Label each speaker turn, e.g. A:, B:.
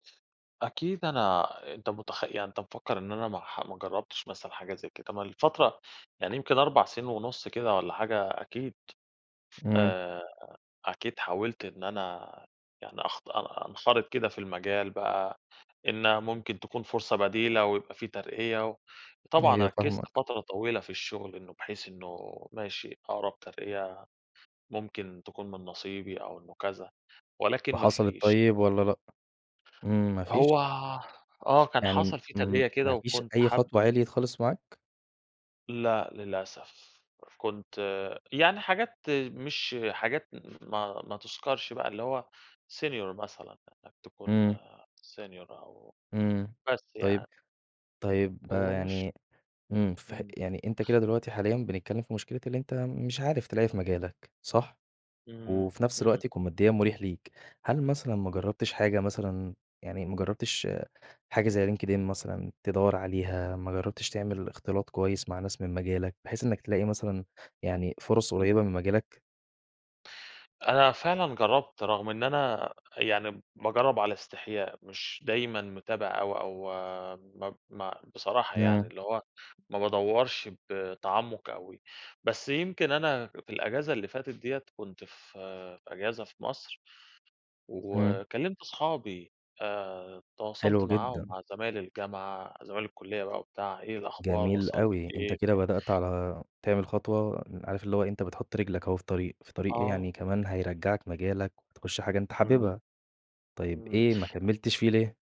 A: أكيد أنا، أنت متخ يعني أنت مفكّر إن أنا ما ح ما جرّبتش مثلًا حاجة زي كده، ما الفترة يعني يمكن 4 سنين ونُص كده والّا حاجة، أكيد
B: إمم.
A: آآ، أكيد حاولت إن أنا يعني أخط أ أنخرِط كده في المجال بقى إن ممكن تكون فرصة بديلة ويبقى في ترقية و وطبعًا
B: أيوه
A: ركّزت
B: فاهمك.
A: فترة طويلة في الشغل إنه بحيث إنه ماشي أقرَب ترقية ممكن تكون من نصيبي أو إنه كذا ولكن ما
B: وحصَلِت
A: فيش.
B: طيب والّا لأ؟ إمم ما
A: هو
B: فيش؟
A: آه كان
B: يعني
A: حصَل في
B: إمم
A: ترقية كده
B: ما فيش
A: وكنت
B: أي
A: حاب
B: خطوة عِليِت خالص معاك؟
A: لأ للأسف، أف كنت يعني حاجات مش حاجات ما ما تُذكرش بقى اللي هو senior مثلًا، إنك تكون
B: إمم.
A: senior أو
B: إمم،
A: بس
B: طيب،
A: يعني.
B: طيب
A: ومش
B: يعني، إمم، فهق
A: إمم.
B: يعني أنت كده دلوقتي حاليًا بنتكلّم في مشكلة اللي أنت مش عارف تلاقي في مجالك صح؟
A: إمم،
B: وفي نفس
A: إمم.
B: الوقت يكون ماديًا مُريح ليك، هل مثلًا ما
A: إمم.
B: جرّبتش حاجة مثلًا، يعني ما جرّبتش حاجة زي LinkedIn مثلًا تدوّر عليها، ما جرّبتش تعمل إختلاط كويس مع ناس من مجالك بحيث إنّك تلاقي مثلًا يعني فُرَص
A: إمم.
B: قريّبة من مجالك؟
A: أنا فعلًا جرّبت رغم إن أنا يعني باجرّب على إستحياء، مش دايمًا متابع أوي أو ما ب ما بصراحة يعني
B: امم.
A: اللي هو ما بادوّرش بتعمُّق أوي، بس يمكن أنا في الإجازة اللي فاتت دِيّة كنت في في إجازة في مصر
B: امم.
A: وكلّمت أصحابي آآ، تواصلت
B: حلو
A: معاهم
B: جدًا.
A: مع زمايل الجامعة، زمايل الكُلّية بقى وبتاع، إيه الأخبار،
B: جميل
A: وصَلتوا
B: أوي، أنت
A: لإيه؟
B: كده
A: ف
B: بدأت على تعمل خطوة إن عارف اللي هو إيه، أنت بتحُط رِجلك أهو في الطريق، في طريق إيه، يعني
A: آه.
B: كمان هيرجّعك مجالك وتخُش حاجة أنت
A: إمم.
B: حاببها، طيب
A: إمم.
B: إيه ما كمّلتش فيه ليه؟